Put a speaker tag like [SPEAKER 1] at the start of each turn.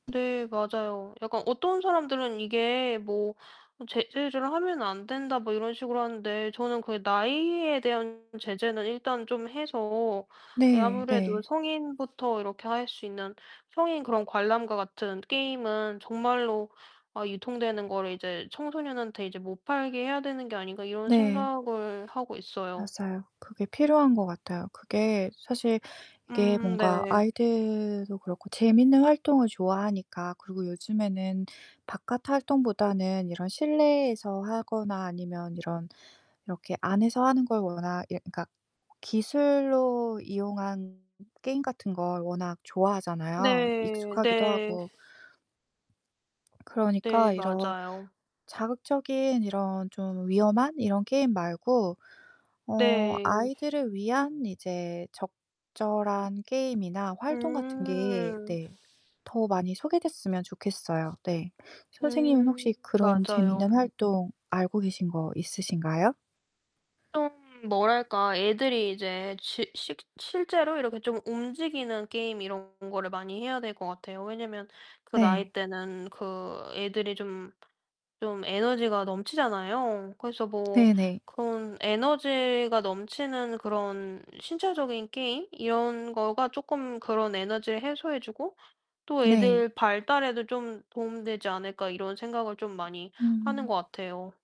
[SPEAKER 1] 네 맞아요. 약간 어떤 사람들은 이게 뭐 어 "제재를 하면 안 된다." 뭐 이런 식으로 하는데 저는 그 나이에 대한 제재는 일단 좀 해서 이
[SPEAKER 2] 네
[SPEAKER 1] 아무래도
[SPEAKER 2] 네.
[SPEAKER 1] '성인부터 이렇게 할 수 있는 성인 그런 관람과 같은 게임은 정말로 아 유통되는 거를 이제 청소년한테 이제 못 팔게 해야 되는 게 아닌가.' 이런
[SPEAKER 2] 네.
[SPEAKER 1] 생각을 하고 있어요.
[SPEAKER 2] 맞아요. 그게 필요한 것 같아요. 그게 사실 이게
[SPEAKER 1] 음
[SPEAKER 2] 뭔가
[SPEAKER 1] 네.
[SPEAKER 2] 아이들도 그렇고 재밌는 활동을 좋아하니까 그리고 요즘에는 바깥 활동보다는 이런 실내에서 하거나 아니면 이런 이렇게 안에서 하는 걸 워낙 이 그러니까 기술로 이용한 게임 같은 걸 워낙 좋아하잖아요,
[SPEAKER 1] 네
[SPEAKER 2] 익숙하기도
[SPEAKER 1] 네.
[SPEAKER 2] 하고.
[SPEAKER 1] 네
[SPEAKER 2] 그러니까 이런
[SPEAKER 1] 맞아요.
[SPEAKER 2] 자극적인 이런 좀 위험한 이런 게임 말고 어
[SPEAKER 1] 네.
[SPEAKER 2] 아이들을 위한 이제 적절한 게임이나 활동 같은 게
[SPEAKER 1] 음.
[SPEAKER 2] 네 더 많이 소개됐으면 좋겠어요 네. 선생님은
[SPEAKER 1] 음
[SPEAKER 2] 혹시 그런
[SPEAKER 1] 맞아요.
[SPEAKER 2] 재밌는 활동 알고 계신 거 있으신가요?
[SPEAKER 1] 좀 뭐랄까. 애들이 이제 지 실 실제로 이렇게 좀 움직이는 게임 이런 거를 많이 해야 될 것 같아요. 왜냐하면 그 나이
[SPEAKER 2] 네.
[SPEAKER 1] 때는 그 애들이 좀 좀 에너지가 넘치잖아요. 그래서 뭐
[SPEAKER 2] 네네.
[SPEAKER 1] 그런 에너지가 넘치는 그런 신체적인 게임 이런 거가 쪼끔 그런 '에너지를 해소해 주고 또
[SPEAKER 2] 네.
[SPEAKER 1] 애들 발달에도 좀 도움 되지 않을까?' 이런 생각을 좀 많이 하는 것
[SPEAKER 2] 음.
[SPEAKER 1] 같아요.